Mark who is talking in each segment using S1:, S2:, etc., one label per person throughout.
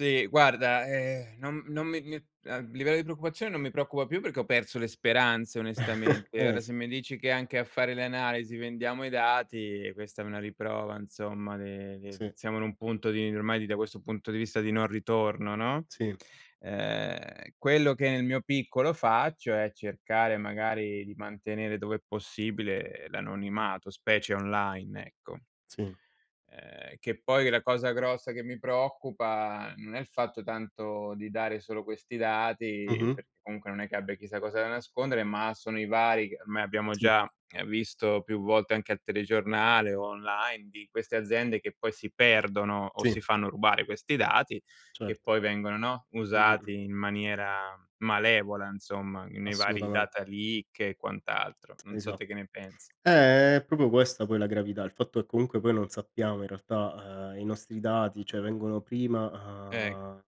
S1: Sì, guarda, ehm, non non mi mi a livello di preoccupazione non mi preoccupa più, perché ho perso le speranze onestamente.
S2: Eh
S1: Ora,
S2: s
S1: se mi dici che anche a fare le analisi vendiamo i dati, questa è una riprova insomma de de
S2: Sì.
S1: siamo in un punto di, ormai da questo punto di vista, di non ritorno, no,
S2: Sì.
S1: ehm, quello che nel mio piccolo faccio, è cercare magari di mantenere dove è possibile l'anonimato, specie online, ecco.
S2: Sì.
S1: Ehm, che poi la cosa grossa che mi preoccupa, non è il fatto tanto di dare solo questi dati,
S2: Mh-mh.
S1: perché comunque non è che abbia chissà cosa da nascondere, ma sono i vari, ormai abbiamo
S2: Sì.
S1: già visto più volte anche al telegiornale o online, di queste aziende che poi si perdono o
S2: Sì.
S1: si fanno rubare questi dati, che
S2: Certo.
S1: poi vengono, no,
S2: Mhmm, mh, mh.
S1: usati in maniera malevola insomma, nei vari
S2: Assolutamente.
S1: data leak e quant'altro. Non so
S2: Esa
S1: te che ne pensi.
S2: eh, è proprio questa poi la gravità, il fatto che comunque poi non sappiamo in realtà, mhmm, i nostri dati, cioè vengono prima,
S1: Eh,
S2: uhm,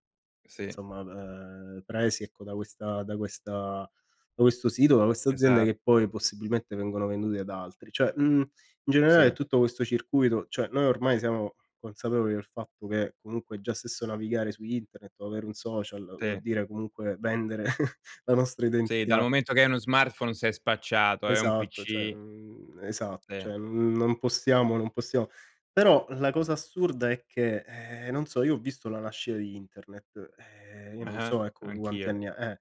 S1: sì.
S2: insomma, ehm, presi ecco da questa da questa da questo sito, da questa azienda
S1: Esa
S2: che poi possibilmente vengono vendute ad altri; cioè mhmm, in
S1: Sì.
S2: generale tutto questo circuito cioè, noi ormai siamo consapevoli del fatto che, comunque già stesso navigare su internet, o avere un social vuol
S1: Sì.
S2: dire comunque vendere la nostra
S1: Sì, dal
S2: identità.
S1: momento che hai uno smartphone sei spacciato, e hai un
S2: Esatto, cioè,
S1: PC.
S2: mhmm, esatto,
S1: Sì.
S2: cioè non possiamo non possiamo però, la cosa assurda è che, eh, non so, io ho visto la nascita di internet, eh, io non
S1: Ah-ah
S2: so ecco tu quanti
S1: anch'io.
S2: anni ha eh.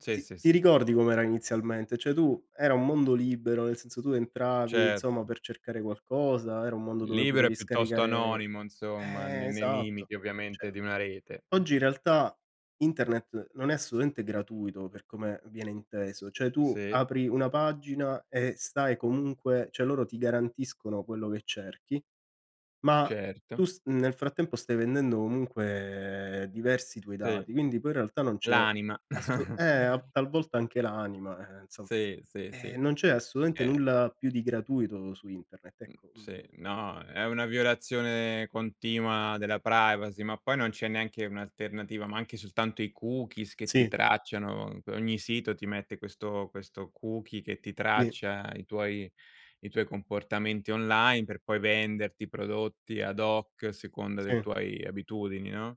S1: Sì,
S2: Ti
S1: sì,
S2: ti
S1: sì.
S2: ricordi com'era inizialmente? Cioè tu era un mondo libero, nel senso, tu entravi, insomma,
S1: Certo.
S2: per cercare qualcosa, era un mondo dove
S1: Libero e
S2: potevi
S1: piuttosto
S2: scaricare
S1: anonimo insomma, n
S2: eh,
S1: nei
S2: esatto.
S1: limiti, ovviamente,
S2: Cioè
S1: di una rete. Mh.
S2: oggi in realtà internet non è assolutamente gratuito, per come viene inteso, cioè tu
S1: Sì.
S2: apri una pagina, e stai comunque cioè loro ti garantiscono quello che cerchi, ma tu
S1: Certo.
S2: s nel frattempo stai vendendo comunque diversi tuoi
S1: Sì,
S2: dati, quindi poi in realtà non c'è
S1: l'anima.
S2: asso eh, a tal volta anche l'anima, eh, insomma.
S1: Sì, sì,
S2: E
S1: sì,
S2: non c'è assolutamente
S1: eh.
S2: nulla più di gratuito su internet,
S1: Mhmm,
S2: ecco,
S1: sì,
S2: mhmm
S1: no, è una violazione continua della privacy, ma poi non c'è neanche un'alternativa, ma anche soltanto i cookies che ti
S2: Sì.
S1: tracciano. Ogni sito ti mette questo questo cookie che ti
S2: Sì.
S1: traccia i tuoi i tuoi comportamenti online, per poi venderti prodotti ad hoc, a seconda dei
S2: Sì.
S1: tuoi abitudini, no?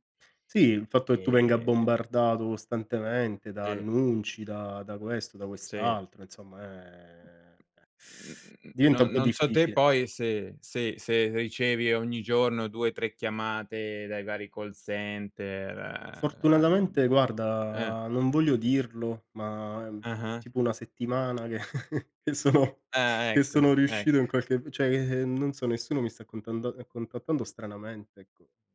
S2: Sì, il fatto che tu venga
S1: Ehm
S2: bombardato costantemente da
S1: Sì.
S2: annunci, da da questo, da
S1: Sì.
S2: quest'altro, insomma, ehm,
S1: Mhmm,
S2: diventa un
S1: non
S2: po'
S1: non so te
S2: difficile.
S1: poi, se se se ricevi ogni giorno 2, 3 chiamate, dai vari call center, uhm,
S2: Fortunatamente
S1: eh.
S2: guarda, non voglio dirlo, ma è
S1: Ah-ah.
S2: tipo 1 settimana che sono
S1: Ah
S2: che
S1: ecco,
S2: sono riuscito in
S1: ecco.
S2: qualche cioè, non so nessuno mi sta contanda contattando stranamente, ecco.